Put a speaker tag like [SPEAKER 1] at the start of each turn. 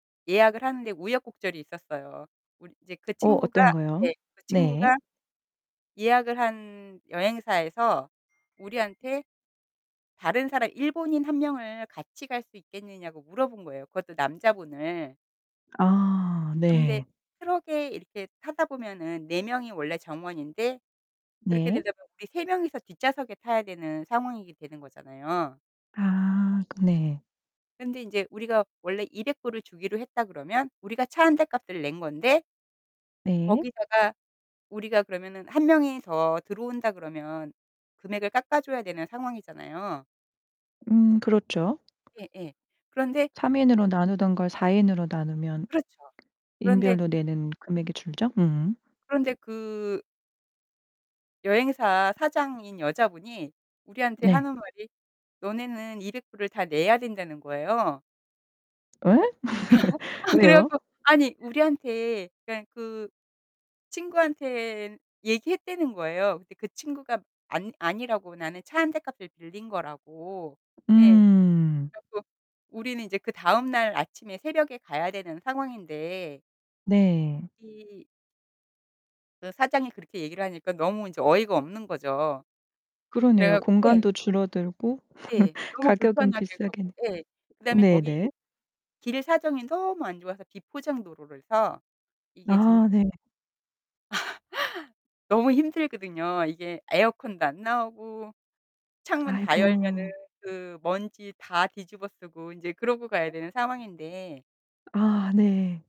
[SPEAKER 1] 예약을 하는데 우여곡절이 있었어요. 우리 이제 그
[SPEAKER 2] 어
[SPEAKER 1] 친구가
[SPEAKER 2] 어떤 거요?
[SPEAKER 1] 예. 그
[SPEAKER 2] 네.
[SPEAKER 1] 친구가 예약을 한 여행사에서 우리한테 다른 사람 일본인 1 명을 같이 갈 수 있겠느냐고 물어본 거예요 그것도 남자분을.
[SPEAKER 2] 아
[SPEAKER 1] 그런데
[SPEAKER 2] 네.
[SPEAKER 1] 트럭에 이렇게 타다 보면은 4 명이 원래 정원인데 그렇게
[SPEAKER 2] 네.
[SPEAKER 1] 되려면 우리 3 명이서 뒷좌석에 타야 되는 상황이 되는 거잖아요.
[SPEAKER 2] 아 그 네.
[SPEAKER 1] 근데 인제 우리가 원래 $200 을 주기로 했다 그러면 우리가 차 1 대 값을 낸 건데
[SPEAKER 2] 네.
[SPEAKER 1] 거기다가 우리가 그러면은 1 명이 더 들어온다 그러면 금액을 깎아줘야 되는 상황이잖아요.
[SPEAKER 2] 음 그렇죠.
[SPEAKER 1] 예예. 그런데
[SPEAKER 2] 3 인으로 나누던 걸 4 인으로 나누면
[SPEAKER 1] 그렇죠. 그런데
[SPEAKER 2] 인별로 내는 금액이 줄죠? 음.
[SPEAKER 1] 그런데 그 여행사 사장인 여자분이 우리한테
[SPEAKER 2] 네.
[SPEAKER 1] 하는 말이 "너네는 $200 을 다 내야 된다."는 거예요.
[SPEAKER 2] 예?
[SPEAKER 1] 어. 아 그래
[SPEAKER 2] 왜요?
[SPEAKER 1] 갖고 아니 우리한테 그러니깐 그 친구한테 얘기했다는 거예요. 근데 그 친구가 안 아니라고 나는 차 1 대 값을 빌린 거라고 예 그래
[SPEAKER 2] 음.
[SPEAKER 1] 갖고 우리는 이제 그다음 날 아침에 새벽에 가야 되는 상황인데
[SPEAKER 2] 네.
[SPEAKER 1] 이 그 사장이 그렇게 얘기를 하니까 너무 인제 어이가 없는 거죠. 그래
[SPEAKER 2] 그러네요.
[SPEAKER 1] 갖 예.
[SPEAKER 2] 공간도 줄어들고
[SPEAKER 1] 예. 너무
[SPEAKER 2] 가격은
[SPEAKER 1] 불편하게
[SPEAKER 2] 비싸게
[SPEAKER 1] 가고 예 그다음에
[SPEAKER 2] 내
[SPEAKER 1] 거기
[SPEAKER 2] 네네.
[SPEAKER 1] 길 사정이 너무 안 좋아서 비포장도로라서 이게 진
[SPEAKER 2] 아 네.
[SPEAKER 1] 너무 힘들거든요. 이게 에어컨도 안 나오고 창문 다 열면은
[SPEAKER 2] 아이고.
[SPEAKER 1] 그 먼지 다 뒤집어쓰고 인제 그러고 가야 되는 상황인데
[SPEAKER 2] 아 네.